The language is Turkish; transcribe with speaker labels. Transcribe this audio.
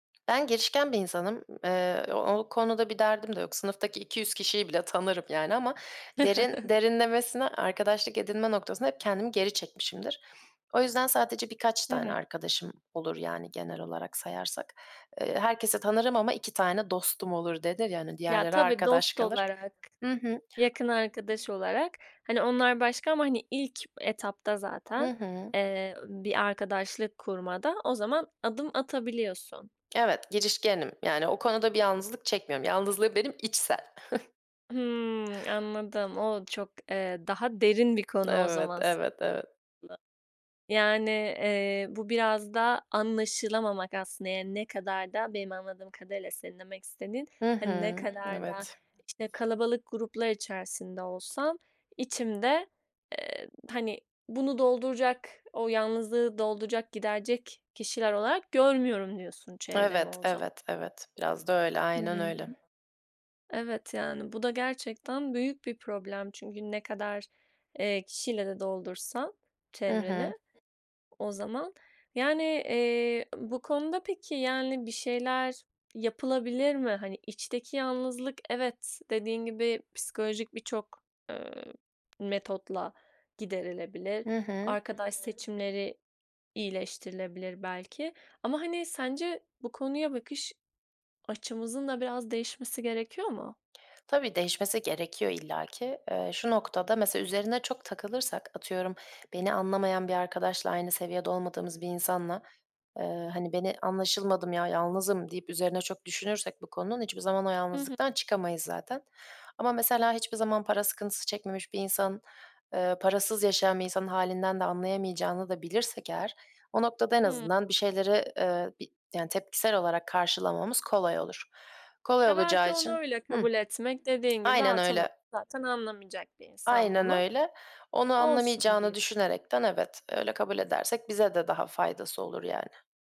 Speaker 1: Ben girişken bir insanım. Eee, o o konuda bir derdim de yok. Sınıftaki 200 kişiyi bile tanırım yani ama derin derinlemesine arkadaşlık edinme noktasında hep kendimi geri çekmişimdir. O yüzden sadece birkaç
Speaker 2: Hı
Speaker 1: tane
Speaker 2: hı.
Speaker 1: arkadaşım olur yani genel olarak sayarsak. Eee, herkesi tanırım ama 2 tane dostum olur denir ya, hani,
Speaker 2: Ya,
Speaker 1: diğerleri
Speaker 2: tabii,
Speaker 1: arkadaş
Speaker 2: dost
Speaker 1: kalır.
Speaker 2: olarak,
Speaker 1: Hı hı.
Speaker 2: yakın arkadaş olarak, hani, onlar başka ama, hani, ilk etapta
Speaker 1: Hı
Speaker 2: zaten,
Speaker 1: hı.
Speaker 2: eee, bir arkadaşlık kurmada o zaman adım atabiliyorsun.
Speaker 1: Evet, girişkenim yani o konuda bir yalnızlık çekmiyorum. Yalnızlığım benim içsel.
Speaker 2: Hımm, anladım. O çok, eee, daha derin bir konu o
Speaker 1: Evet,
Speaker 2: zaman s
Speaker 1: evet, evet.
Speaker 2: [unintelligible] Yani, eee, bu biraz da anlaşılamamak aslında. Yani ne kadar da benim anladığım kadarıyla senin demek istediğin,
Speaker 1: Hı
Speaker 2: hani, ne
Speaker 1: hı.
Speaker 2: kadar da,
Speaker 1: Evet.
Speaker 2: işte, kalabalık gruplar içerisinde olsam içimde, eee, hani, bunu dolduracak o yalnızlığı dolduracak, giderecek kişiler olarak görmüyorum diyorsun çevremi
Speaker 1: Evet,
Speaker 2: o za
Speaker 1: evet, evet, biraz da öyle,
Speaker 2: Hı
Speaker 1: aynen
Speaker 2: hı.
Speaker 1: öyle.
Speaker 2: Evet, yani, bu da gerçekten büyük bir problem çünkü ne kadar, eee, kişiyle de doldursan
Speaker 1: Hı hı.
Speaker 2: çevreni o zaman yani, eee, bu konuda peki, yani, bir şeyler yapılabilir mi? Hani, içteki yalnızlık evet, dediğin gibi, psikolojik birçok, eee, metotla giderilebilir,
Speaker 1: Hı hı.
Speaker 2: arkadaş seçimleri iyileştirilebilir belki ama, hani, sence bu konuya bakış açımızın da biraz değişmesi gerekiyor mu?
Speaker 1: Tabii, değişmesi gerekiyor illaki. Eee, şu noktada, mesela üzerine çok takılırsak, atıyorum, beni anlamayan bir arkadaşla, aynı seviyede olmadığımız bir insanla, eee, hani, "Beni anlaşılmadım ya, yalnızım." deyip üzerine çok düşünürsek bu konunun, hiçbir zaman o
Speaker 2: Hı hı.
Speaker 1: yalnızlıktan çıkamayız zaten. Ama mesela hiçbir zaman para sıkıntısı çekmemiş bir insan, eee, parasız yaşayan bir insanın hâlinden de anlayamayacağını da bilirsek eğer o noktada en
Speaker 2: Hıı.
Speaker 1: azından bir şeyleri, eee, bir yani tepkisel olarak karşılamamız kolay olur. Kolay
Speaker 2: Ya,
Speaker 1: olacağı
Speaker 2: belki onu
Speaker 1: için
Speaker 2: öyle
Speaker 1: Hıh.
Speaker 2: kabul etmek dediğin gibi,
Speaker 1: Aynen
Speaker 2: ha, tamam.
Speaker 1: öyle.
Speaker 2: Zaten anlamayacak bir insan
Speaker 1: Aynen
Speaker 2: bunu.
Speaker 1: öyle. Onu
Speaker 2: Olsun
Speaker 1: anlamayacağını
Speaker 2: diye
Speaker 1: düşünerekten evet, öyle kabul edersek bize de daha faydası olur yani.